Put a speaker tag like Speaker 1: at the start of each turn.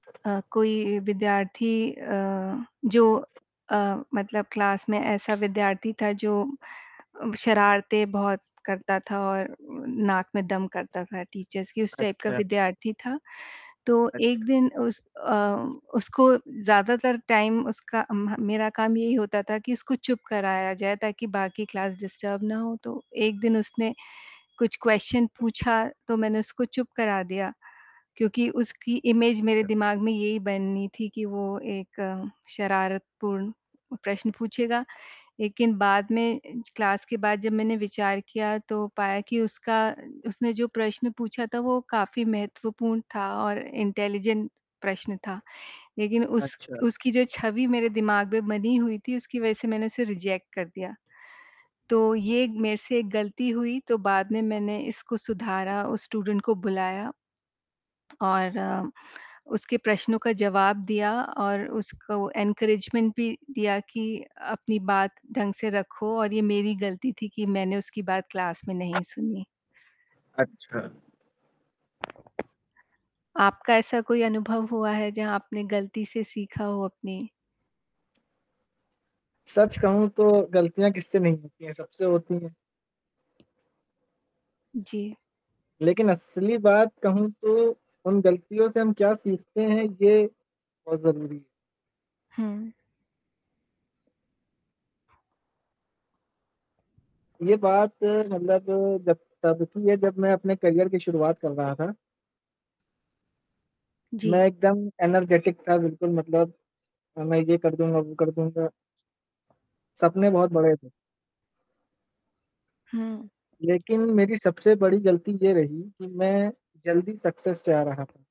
Speaker 1: अ, कोई विद्यार्थी अ, जो अ, मतलब क्लास में ऐसा विद्यार्थी था जो अम, शरारतें बहुत करता था और नाक में दम करता था टीचर्स की उस टाइप का
Speaker 2: अच्छा।
Speaker 1: विद्यार्थी था। तो
Speaker 2: अच्छ
Speaker 1: एक दिन उस अ, उसको ज़्यादातर टाइम उसका अम ह मेरा काम यही होता था कि उसको चुप कराया जाए। ताकि बाकी क्लास डिस्टर्ब ना हो। तो एक दिन उसने कुछ क्वेस्चन पूछा तो मैंने उसको चुप करा दिया क्योंकि उसकी इमेज मेरे दिमाग में यही बनी थी कि वो एक शरारतपूर्ण प्रश्न पूछेगा। लेकिन बाद में ज क्लास के बाद जब मैंने विचार किया तो पाया की उसका उसने जो प्रश्न पूछा था वो काफ़ी महत्वपूर्ण था और इंटेलिजेंट प्रश्न था। लेकिन उस
Speaker 2: अच्छा।
Speaker 1: उसकी जो छवि मेरे दिमाग में बनी हुई थी उसकी वजह से मैंने उसे रिजेक्ट कर दिया। तो ये मेरे से एक गलती हुई तो बाद में मैंने इसको सुधारा, उस स्टूडेंट को बुलाया और अ, उसके प्रश्नों का जवाब दिया और उसको इनकरेजमेंट भी दिया कि अपनी बात ढंग से रखो और ये मेरी गलती थी कि मैंने उसकी बात क्लास में नहीं सुनी।
Speaker 2: अच्छा।
Speaker 1: आपका ऐसा कोई अनुभव हुआ है जहाँ आपने गलती से सीखा हो अपनी?
Speaker 2: सच कहूँ तो गलतियाँ किससे नहीं होती है, सबसे होती है।
Speaker 1: जी।
Speaker 2: लेकिन असली बात कहूँ तो उन गलतियों से हम क्या सीखते हैं ये बहुत ज़रूरी है।
Speaker 1: हुँ।
Speaker 2: ये बात मतलब जब तब की है जब मैं अपने करियर की शुरुआत कर रहा था। मैं
Speaker 1: जी।
Speaker 2: एकदम एनर्जेटिक था बिल्कुल मतलब अ, मैं ये कर दूँगा, वो कर दूँगा। सपने बहुत बड़े थे।
Speaker 1: हुँ।
Speaker 2: लेकिन मेरी सबसे बड़ी गलती ये रही कि मैं जल्दी सक्सेस चाह रहा